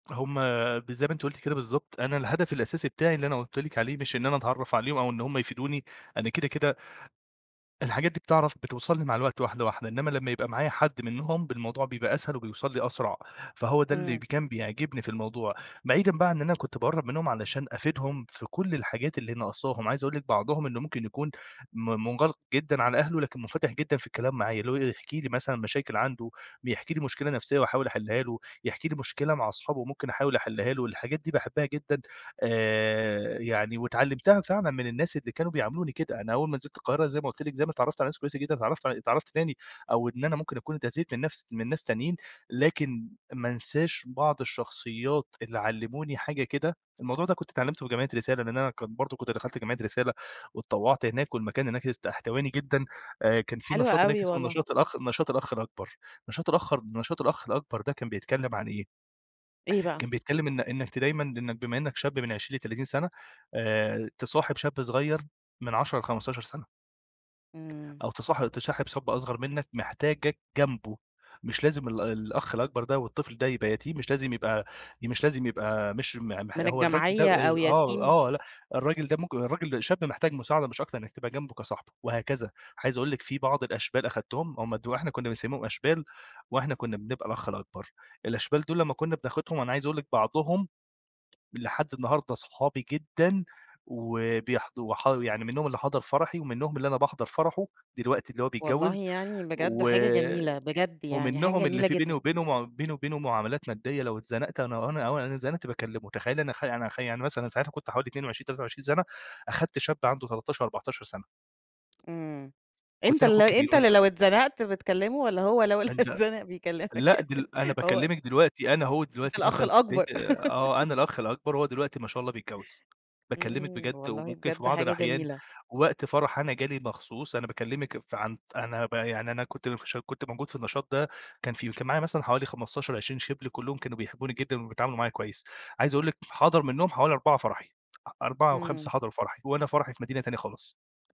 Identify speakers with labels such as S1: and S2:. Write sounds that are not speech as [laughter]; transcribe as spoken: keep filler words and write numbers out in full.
S1: هُم ب زي ما أنتِ قولتِ كده بالضبط، أنا الهدف الأساسي بتاعي -اللي أنا قُلت لِك عليه مش إن أنا أتعرف عليهم، أو إن هُم يفيدوني أنا كده كده الحاجات دي بتعرف بتوصِّلني مع الوقت واحدة واحدة. إنما لما يبقى معايا حد منهم، ب الموضوع بيبقى أسهل وبيوصَّل لي أسرع، فهو ده اللي
S2: إمم.
S1: كان بيعجِبني في الموضوع. بعيدًا بقى عن إن أنا كنت باقرَب منهم علشان أفيدهم في كل الحاجات اللي ناقصاهم، عايز أقول لِك بعضهم إنه ممكن يكون م منغلِق جدًا على أهله لكن منفتِح جدًا في الكلام معايا، اللي هو يحكِ لي مثلًا مشاكل عنده، بيحكي لي مشكلة نفسية وأحاول أحِلها له، يحكي لي مشكلة مع أصحابه ممكن أحاول أحِلها له. الحاجات دي باحِبها جدًا آآ يعني، واتعلَّمتها فعلًا من الناس اللي كانوا بيعاملوني كده. أنا أول ما نزلت القاهرة زي ما قُلت لك، زي ما اتعرَّفت على ناس كويسة جدًا، اتعرَّفت ع اتعرَّفت تاني أو إن أنا ممكن أكون اتأذيت من نفس من ناس تانيين، لكن ما انساش بعض الشخصيات اللي علَّموني حاجة كده. الموضوع ده كنت اتعلَّمته في جمعية رسالة، لإن أنا كانت برضه كنت دخَلت جمعية رسالة واتطوَّعت هناك، والمكان هناك است احتواني جدًا. آآ، كان في
S2: حلو
S1: نشاط هناك
S2: أوي
S1: اسمه
S2: والله.
S1: نشاط الأخ نشاط الأخ الأكبر، نشاط الأخر نشاط الأخ الأكبر، ده كان بيتكلَّم عن إيه؟
S2: إيه بقى؟
S1: كان بيتكلَّم إن إنِّك ت دايمًا إنِّك بما إنِّك شاب من عشرين لتلاتين سنة، آآ، تصاحِب شاب صغير من عشرة لخمستاشر سنة.
S2: إمم.
S1: أو تصاحب تشاحب شاب أصغر منك، محتاجك جنبه. مش لازم ال الأخ الأكبر ده والطفل ده يبقى يتيم، مش لازم يبقى ي مش لازم يبقى مش م مح
S2: من
S1: هو الرجل ده
S2: الجمعية
S1: آآ،
S2: أو يتيم.
S1: آه آه، لا، الراجل ده ممك الراجل شاب محتاج مساعدة، مش أكتر إنَّك تبقى جنبه كصاحبه، وهكذا. عايز أقول لِك في بعض الأشبال أخدتهم، هُم دو إحنا كنا بنسمِّيهم أشبال وإحنا كنا بنبقى الأخ الأكبر، الأشبال دول لما كنا بناخُدهم، أنا عايز أقول لِك بعضهم لحد النهاردة صحابي جدًا، وبيحض وحا يعني منهم اللي حضَر فرحي ومنهم اللي أنا باحضَر فرحه، دلوقتي اللي هو
S2: والله
S1: بيتجوَّز،
S2: يعني بجد
S1: و
S2: حاجة جميلة، بجد يعني حاجة
S1: ومنهم اللي
S2: جميلة
S1: في بيني
S2: جدًا.
S1: وبينه مع بيني وبينه معاملات مادية، لو اتزنَّقت أنا آه، وأنا ه أنا لو اتزنَّقت باكلِّمه، تخيلي أنا خ أنا خ أنا يعني مثلًا أنا ساعتها كنت حوالي اتنين وعشرين، تلاتة وعشرين سنة، أخدت شاب عنده تلاتّشار، اربعتاشر سنة.
S2: إمم،
S1: كنت
S2: أنت
S1: أنا أخوه
S2: ال
S1: الكبير
S2: أنت
S1: ومش
S2: اللي
S1: ب
S2: لو اتزنقت بتكلمه والَّا هو اللي لو
S1: أند
S2: اتزنق
S1: لأ،
S2: بيكلمك؟
S1: دل أنا
S2: هو
S1: باكلِّمك دلوقتي، أنا أهو
S2: أنت
S1: دلوقتي
S2: الأخ
S1: مثلًا في بداية
S2: الأكبر.
S1: آه، أنا الأخ
S2: [laughs]
S1: الأكبر، وهو دلوقتي -ما شاء الله بيتجوَّز. باكلِّمك
S2: إمم،
S1: بجد،
S2: والله
S1: وممكن في
S2: بجد
S1: بعض
S2: حاجة
S1: الأحيان
S2: جميلة.
S1: وقت فرحي أنا جالي مخصوص، أنا باكلِّمك في عن أنا ب يعني أنا كنت فش كنت موجود في النشاط ده، كان في كان معايا مثلًا حوالي خمستاشر، عشرين شبل، كلهُم كانوا بيحِبُّوني جدًا وبيتعاملوا معايا كويِّس. عايز أقول لِك حضَر منهُم حوالي اربعة فرحي، اربعة أو خمسة
S2: إمم.
S1: حضَروا فرحي، وأنا فرحي في مدينة تانية خالص.